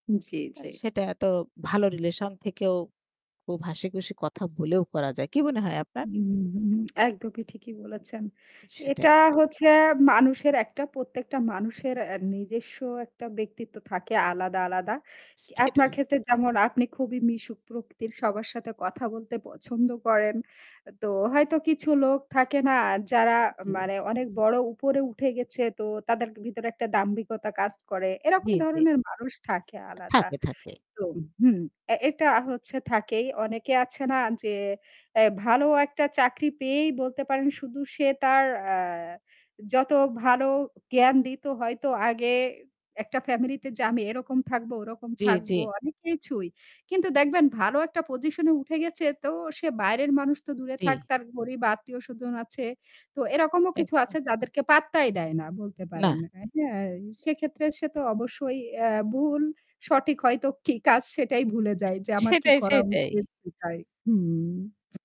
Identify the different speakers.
Speaker 1: জ্বী,
Speaker 2: অ্যাঁ
Speaker 1: জ্বী।
Speaker 2: সেটা এত ভালো রিলেশন থেকেও খুব হাসিখুশি কথা বলেও করা যায়, কি মনে হয় আপনার?
Speaker 1: উ হু একদমই ঠিকই বলেছেন।
Speaker 2: সেটাই।
Speaker 1: এটা হচ্ছে মানুষের একটা প্রত্যেকটা মানুষের নিজস্ব একটা ব্যক্তিত্ব থাকে আলাদা, আলাদা। আপনার
Speaker 2: সেটাই।
Speaker 1: ক্ষেত্রে যেমন আপনি খুবই মিশুক প্রকৃতির। সবার সাথে কথা বলতে পছন্দ করেন। তো হয়তো কিছু লোক থাকে না যারা
Speaker 2: দিয়ে।
Speaker 1: মানে অনেক বড় উপরে উঠে গেছে; তো তাদের ভিতরে একটা দাম্ভিকতা কাজ করে। এরকম
Speaker 2: জ্বী, জ্বী।
Speaker 1: ধরনের মানুষ থাকে আলাদা।
Speaker 2: থাকে, থাকে।
Speaker 1: তো হুম, এটা হচ্ছে থাকেই। অনেকে আছে না য্‌ আ ভালো একটা চাকরি পেয়েই বলতে পারেন শুধু সে তার আ যত ভালো জ্ঞান দিত হয়তো আগে একটা ফ্যামিলি তে যে আমি এরকম থাকবো, ওরকম
Speaker 2: জ্বী,
Speaker 1: থাকবো
Speaker 2: জ্বী
Speaker 1: অনেক কিছুই। কিন্তু দেখবেন ভালো একটা পজিশন এ উঠে গেছে তো সে বাইরের মানুষ তো দূরে
Speaker 2: জ্বী।
Speaker 1: থাক। তার গরীব আত্মীয় স্বজন আছে। তো এরকমও কিছু
Speaker 2: একদম।
Speaker 1: আছে যাদেরকে পাত্তাই দেয় না। বলতে
Speaker 2: না।
Speaker 1: পারেন। সেক্ষেত্রে সে তো অবশ্যই অ্যাঁ ভুল, সঠিক হয়তো কি কাজ সেটাই ভুলে যাই যে আমার কি
Speaker 2: সেটাই,
Speaker 1: করা
Speaker 2: সেটাই।
Speaker 1: উচিত সেটাই। হুম।